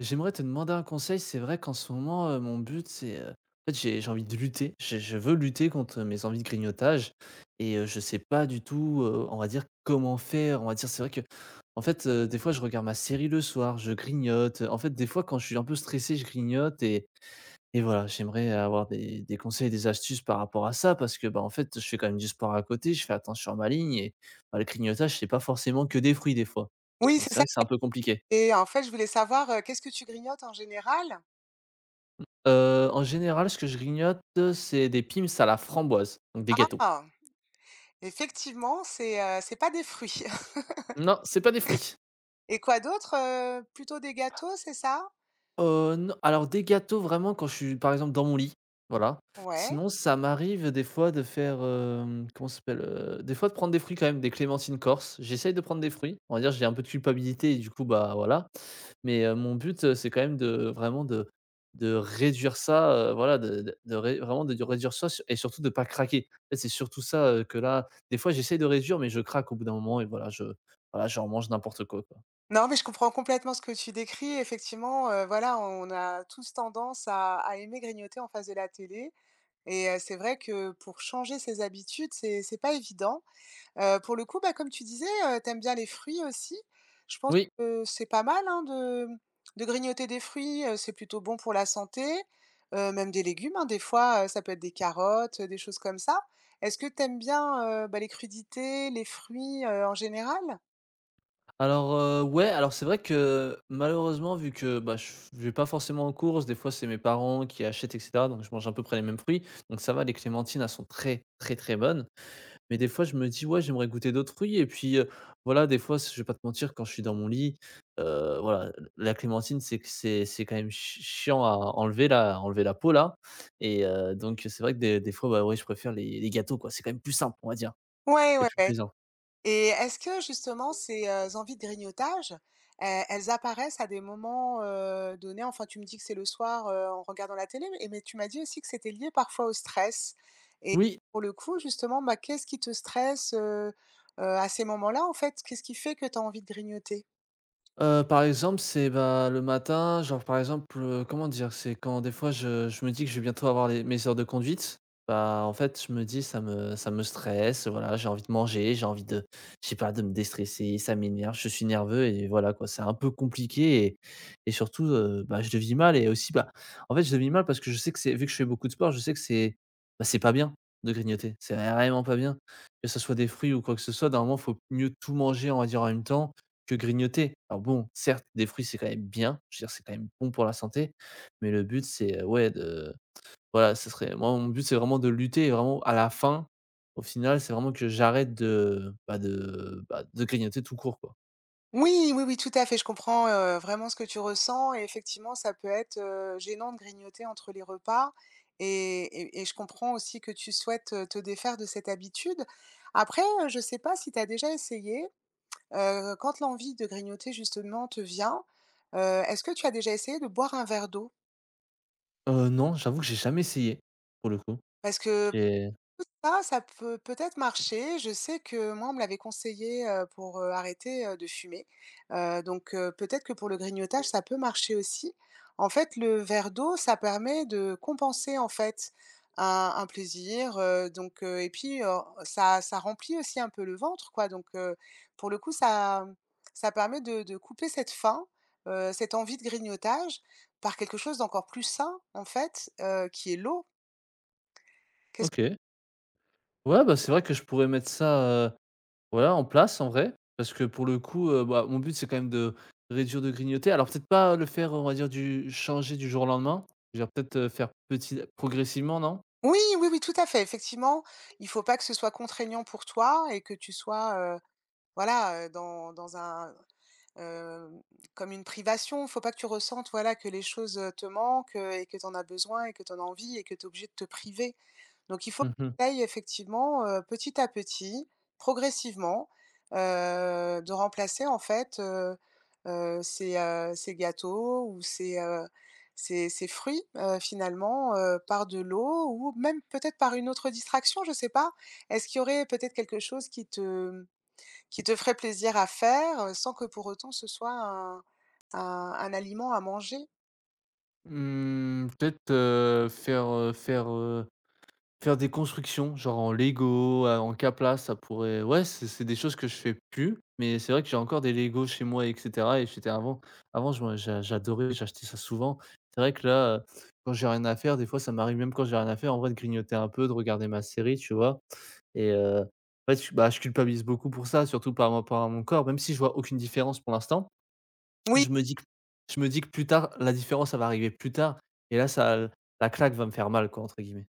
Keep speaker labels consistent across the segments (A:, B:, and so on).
A: J'aimerais te demander un conseil. C'est vrai qu'en ce moment, heu, mon but, c'est heu, en fait, j'ai j'ai envie de lutter je je veux lutter contre mes envies de grignotage. Et heu, je sais pas du tout, heu, on va dire, comment faire. On va dire, c'est vrai que, en fait, heu, des fois, je regarde ma série le soir, je grignote. En fait, des fois, quand je suis un peu stressé je grignote, et et voilà, j'aimerais avoir des des conseils, des astuces, par rapport à ça, parce que, bah, en fait, je fais quand même du sport à côté, je fais attention à ma ligne, et bah, le grignotage, c'est pas forcément que des fruits, des fois.
B: Oui
A: Donc,
B: c'est
A: c'est
B: ça
A: vrai que c'est
B: [unintelligible]
A: un peu compliqué.
B: et en fait je voulais savoir, heu, qu'est-ce que tu grignotes en général?
A: Heu, en général, ce que je grignote, c'est des Pim's à la framboise, donc, des gâteaux.
B: Ah! Effectivement, c'est, heu, c'est pas des fruits.
A: Non, c'est pas des fruits.
B: Et quoi d'autre, heu? Plutôt des gâteaux, c'est ça?
A: Heu, n alors des gâteaux vraiment quand je suis, par exemple, dans mon lit, voilà.
B: Ouais.
A: Sinon, ça m'arrive des fois de faire, hem, comment ça s'appelle? Heu, des fois, de prendre des fruits, quand même, des clémentines corses. J'essaye de prendre des fruits, on va dire, j'ai un peu de culpabilité, et du coup, bah, voilà. Mais, heu, mon but, heu, c'est quand même de vraiment de de réduire ça, heu, voilà, de de de ré de vraiment de réduire ça et surtout de pas craquer. En fait, c'est surtout ça, heu, que là, des fois j'essaye de réduire. Mais, je craque au bout d'un moment et voilà, je voilà, je remange n'importe quoi, quoi.
B: Non, mais je comprends, complètement, ce que tu décris. Effectivement, heu, voilà, on a tous tendance à à aimer grignoter en face de la télé. Et heu, c'est vrai que pour changer ses habitudes, c'est c'est pas évident. Heu, pour le coup, bah, comme tu disais, heu, tu aimes bien les fruits aussi. Je pense
A: Oui.
B: que c'est pas mal, hein, de de grignoter des fruits, heu. C'est plutôt bon pour la santé, heu même des légumes, hein, des fois, heu, ça peut être des carottes, heu, des choses comme ça. Est-ce que tu aimes bien, heu, ben, les crudités, les fruits, heu, en général?
A: Alors, heu, ouais, alors, c'est vrai, que, malheureusement vu que, bah, je f je vais pas forcément en courses, des fois, c'est mes parents qui achètent, et cetera. Donc, je mange à peu près les mêmes fruits. Donc, ça va, les clémentines, elles sont très, très, très bonnes. Mais, des fois, je me dis: «Ouais j'aimerais goûter d'autres fruits» et puis, heu, voilà, des fois, si je vais pas te mentir, quand je suis dans mon lit, heu, voilà, le la clémentine c'est que c'est c'est quand même ch ch chiant à à enlever la à enlever la peau là et heu, donc, heu, c'est vrai que des des fois, ben, ouais, je préfère les les gâteaux, quoi. C'est quand même plus simple, on va dire,
B: Ouais,
A: et
B: ouais,
A: plus
B: ouais.
A: plaisant.
B: Et est-ce que, justement, ces, heu, envies de grignotage, e elles apparaissent à des moments, heu, donnés? Enfin tu me dis que c'est le soir, heu, en regardant la télé et mais tu m'as dit aussi que c'était lié parfois au stress. Et
A: Oui.
B: pour le coup, justement, ben, qu'est-ce qui te stresse, heu heu, à ces moments-là, en fait? Qu'est-ce qui fait que tu as envie de grignoter?
A: Heu, par exemple, c'est et ben, le matin, genre, par exemple, heu, comment dire, c'est quand des fois je je me dis que je vais bientôt avoir les mes heures de conduite, bah, en fait, je me dis: «Ça me ça me stresse», heu, voilà, j'ai envie de manger, j'ai envie de je sais pas, de me déstresser. Ça m'énerve je suis nerveux et voilà, quoi, c'est un peu compliqué, et et surtout, heu, bah, je le vis mal, et aussi, ben, en fait, je le vis mal parce que je sais que c'est vu que je fais beaucoup de sport, je sais que c'est, bah, que c'est pas bien, de grignoter. C'est vraiment pas bien, que ça soit des fruits ou quoi que ce soit, normalement, faut mieux tout manger, on va dire, en même temps, que grignoter. Alors, bon, certes, des fruits c'est quand même bien, je veux dire c'est quand même bon pour la santé. Mais, le but c'est, ouais, de, voilà ce serait moi mon but c'est vraiment de lutter et vraiment à la fin, au final c'est vraiment que j'arrête de, bah, de, bah, de grignoter tout court, quoi.
B: Oui, oui, oui, tout à fait. Je comprends, heu, vraiment, ce que tu ressens. Et effectivement, ça peut être, heu, gênant de grignoter entre les repas et et et je comprends aussi que tu souhaites, heu, te défaire de cette habitude. Après, heu, je sais pas si tu as déjà essayé, heu, quand l'envie de grignoter, justement, te vient, heu, est-ce que tu as déjà essayé de boire un verre d'eau?
A: Heu, non, j'avoue que j'ai jamais essayé, pour le coup.
B: Parce que
A: Et
B: tout ça, ça peut peut-être marcher. Je sais que moi, on me l'avait conseillé, heu, pour, heu, arrêter, heu, de fumer. Heu, donc, heu, peut-être que pour le grignotage, ça peut marcher aussi. En fait, le verre d'eau, ça permet de compenser, en fait, un un plaisir, heu, donc, heu, et puis, heu, ça ça remplit aussi un peu le ventre, quoi. Donc, heu, pour le coup, ça ça permet de de couper cette faim, heu, cette envie de grignotage, par quelque chose d'encore plus sain, en fait, heu, qui est l'eau. Qu'est-ce
A: OK. Ouais, bah, c'est vrai que je pourrais mettre ça, heu, ouais, en place, en vrai, parce que, pour le coup, heu, bah, mon but, c'est quand même, de de réduire de grignoter. Alors, peut-être pas le faire, on va dire, du changer du jour au lendemain, je veux dire, peut-être, faire petit progressivement, non?
B: Oui ,oui, oui, tout à fait. Effectivement, il faut pas que ce soit contraignant pour toi et que tu sois, heu, voilà, heu, dans dans un heu, comme une privation. Faut pas que tu ressentes, voilà, que les choses, heu, te manquent et que tu en as besoin et que tu en as envie et que tu es obligé de te priver. Donc, il faut que
A: Mmh mh.
B: tu ailles effectivement, heu, petit à petit, progressivement, heu, de remplacer, en fait, heu heu, ces, heu, ces gâteaux ou ces, heu, ces ces fruits, heu, finalement, heu, par de l'eau ou même peut-être par une autre distraction, je sais pas. Est-ce qu'il y aurait peut-être quelque chose qui te qui te ferait plaisir à faire sans que pour autant ce soit un un un aliment à manger?
A: Mmh, peut-être, heu, faire, heu, faire, heu, faire des constructions, genre, en Lego à en Kapla. Ça pourrait, ouais, c'est c'est des choses que je fais plus. Mais, c'est vrai que j'ai encore des Lego chez moi, et cetera. Et j'étais avant avant je m'en j'a j'adorais j'achetais ça souvent. C'est vrai que là, heu, quand j'ai rien à faire, des fois, ça m'arrive, même quand j'ai rien à faire, en vrai, de grignoter un peu, de regarder ma série, tu vois? Et heu, en fait, bah, je culpa ben, je culpabilise beaucoup pour ça, surtout, par rapport à mon corps. Même si je vois aucune différence pour l'instant,
B: Oui.
A: je me dis que je me dis que plus tard la différence, elle va arriver plus tard. Et là, ça l la claque va me faire mal, quoi, entre guillemets.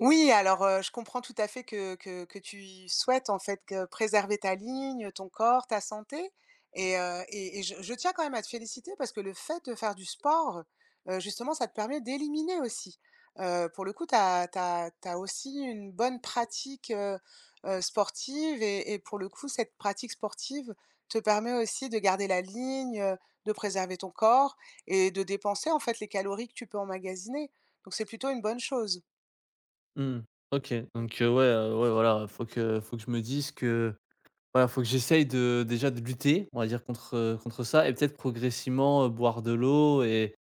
B: Oui. Alors, heu, je comprends, tout à fait, que que que tu y souhaites, en fait, heu, préserver ta ligne, heu, ton corps, ta santé. Et heu, et et je je tiens quand même à te féliciter parce que le fait de faire du sport, heu, justement ça te permet d'éliminer aussi. Heu, pour le coup, tu as tu as tu as aussi une bonne pratique, heu heu, sportive et et pour le coup, cette pratique sportive, te permet aussi de garder la ligne, heu, de préserver ton corps et de dépenser, en fait, les calories que tu peux emmagasiner. Donc, c'est plutôt une bonne chose.
A: Mmh, OK. Donc, heu, ouais, heu, ouais, voilà, il faut que faut que je me dise que, voilà, faut que j'essaye de déjà, de lutter, on va dire, contre, heu, contre ça. Et peut-être, progressivement, heu, boire de l'eau et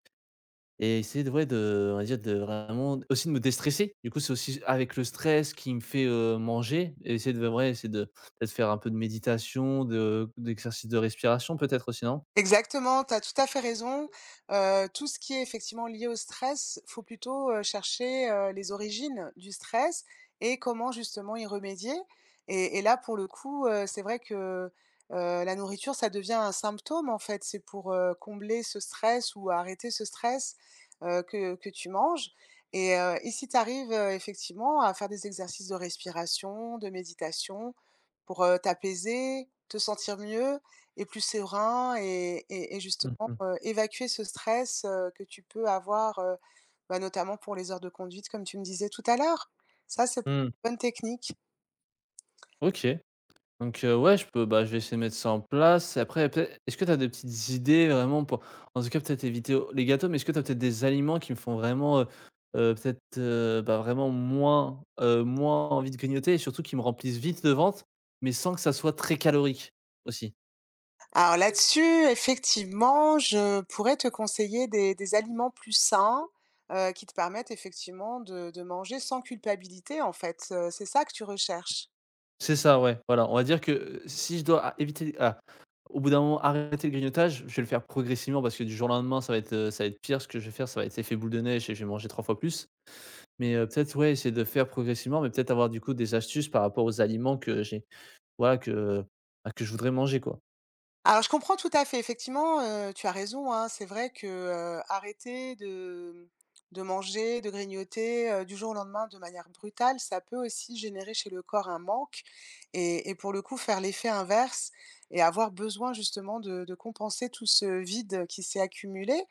A: et essayer de, ouais, de, on va dire, de vraiment, aussi, de me déstresser. Du coup, c'est aussi avec le stress qui me fait, heu, manger, et essayer de, ouais, essayer de de faire un peu de méditation, de d'exercices de respiration, peut-être, aussi, non?
B: Exactement. Tu as tout à fait raison. Heu, tout ce qui est, effectivement, lié au stress, faut plutôt, heu, chercher, heu, les origines du stress et comment justement y remédier. Et et là, pour le coup, heu, c'est vrai que, heu, la nourriture, ça devient un symptôme, en fait. C'est pour, heu, combler ce stress ou arrêter ce stress, heu, que que tu manges. Et heu, et si tu arrives, heu, effectivement à faire des exercices de respiration de méditation, pour, heu, t'apaiser, te sentir mieux et plus serein et et et
A: Mmh
B: justement,
A: mh.
B: heu, évacuer ce stress, heu, que tu peux avoir, heu, ben, notamment, pour les heures de conduite, comme tu me disais tout à l'heure, ça, ça p
A: Mmh.
B: une bonne technique.
A: OK. Donc, heu, ouais, je peux ben, je vais essayer de mettre ça en place. Après, peut-être est est-ce que tu as des petites idées, vraiment, pour, en tout cas peut-être éviter, heu, les gâteaux. Mais, est-ce que tu as peut-être des aliments qui me font vraiment, heu heu, peut-être, heu, bah, vraiment moins, heu, moins envie de grignoter, et surtout qui me remplissent vite le ventre, mais sans que ça soit très calorique, aussi?
B: Alors, là-dessus, effectivement, je pourrais te conseiller des des aliments plus sains, heu, qui te permettent effectivement de de manger sans culpabilité, en fait, heu. C'est ça que tu recherches?
A: C'est ça ouais, voilà. On va dire que, heu, si je dois éviter ah au bout d'un moment arrêter le grignotage, je vais le faire progressivement parce que du jour au lendemain ça va être, heu, ça va être pire. Ce que je vais faire ça va être effet boule de neige et je vais manger 3 fois plus. Mais, heu, peut-être ouais, essayer de faire progressivement, mais peut-être avoir du coup, des astuces par rapport aux aliments que j'ai voilà que, bah, que je voudrais manger quoi.
B: Alors je comprends tout à fait effectivement, heu, tu as raison, hein, c'est vrai que, heu, arrêter de, hem, de manger, de grignoter, heu, du jour au lendemain de manière brutale, ça peut aussi générer chez le corps un manque. Et et pour le coup faire l'effet inverse et avoir besoin justement de de compenser tout ce vide qui s'est accumulé.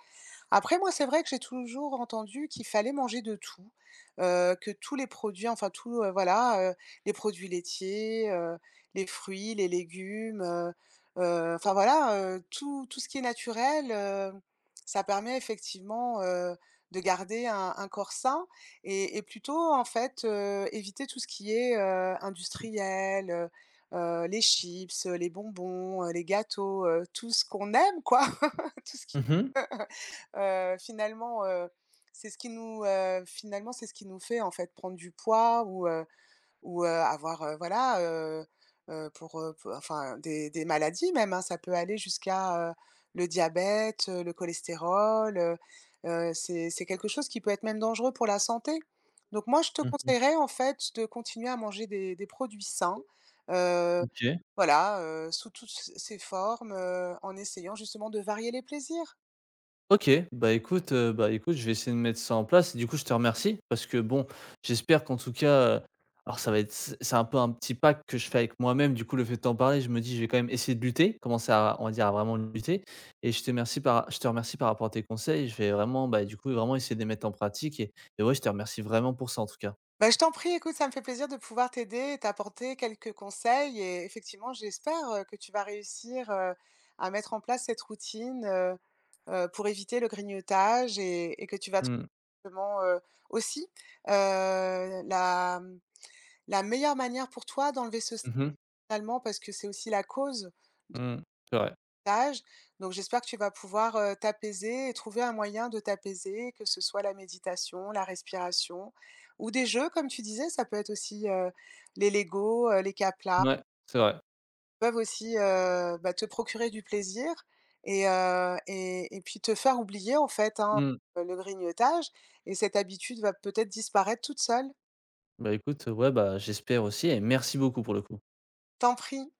B: Après moi, c'est vrai que j'ai toujours entendu qu'il fallait manger de tout, heu, que tous les produits, enfin tout, heu, voilà, heu, les produits laitiers, heu, les fruits, les légumes, heu, heu, enfin voilà, heu. Tout, tout ce qui est naturel, heu, ça permet effectivement, heu, de garder un un corps sain et et plutôt en fait, heu, éviter tout ce qui est, heu, industriel, heu, heu, les chips, heu, les bonbons, heu, les gâteaux, heu, tout ce qu'on aime quoi tout ce qui
A: Mmh mh.
B: [unintelligible] heu, finalement, heu, c'est ce qui nous, heu, finalement, c'est ce qui nous fait en fait prendre du poids ou, heu, ou, heu, avoir voilà, heu, heu, pour, heu enfin des des maladies même, hein, ça peut aller jusqu'à, heu, le diabète, heu, le cholestérol, heu, heu, c'est c'est quelque chose qui peut être même dangereux pour la santé. Donc moi je te
A: Mmh mh.
B: conseillerais, en fait, de continuer à manger des des produits sains, heu,
A: OK.
B: voilà, heu, sous toutes c ces formes, heu, en essayant justement de varier les plaisirs.
A: OK. Bah, écoute, heu, bah, écoute je vais essayer de mettre ça en place et du coup je te remercie. Parce que bon j'espère qu'en tout cas alors ça va être, c c'est un peu un petit pacte que je fais avec moi-même, du coup le fait de t'en parler, je me dis je vais quand même essayer de lutter. Commencer à, on va dire à vraiment lutter. Et je te remercie par ra je te remercie par rapport à tes conseils. Je vais vraiment, bah, du coup vraiment essayer de les mettre en pratique et et ouais je te remercie vraiment pour ça en tout cas.
B: Ben, je t'en prie, écoute, ça me fait plaisir de pouvoir t'aider et t'apporter quelques conseils et effectivement, j'espère, heu, que tu vas réussir, heu, à mettre en place cette routine, heu, heu, pour éviter le grignotage et et que tu vas trouver
A: Mmh.
B: comment, heu, aussi, heu, la m la meilleure manière pour toi d'enlever ce st
A: Mmh mh.
B: [unintelligible] parce que c'est aussi la cause de
A: Mmh, c'est vrai.
B: [unintelligible] Donc j'espère que tu vas pouvoir, heu, t'apaiser et trouver un moyen de t'apaiser, que ce soit la méditation, la respiration ou des jeux comme tu disais, ça peut être aussi, heu, les Lego, heu, les Kapla
A: Ouais, c'est vrai.
B: [unintelligible] peuvent aussi, heu, bah, te procurer du plaisir et, heu, et et puis te faire oublier en fait, hein,
A: Mmh.
B: heu, le grignotage et cette habitude va peut-être disparaître toute seule.
A: Ben, écoute ouais, bah, j'espère aussi et merci beaucoup pour le coup.
B: T'en prie.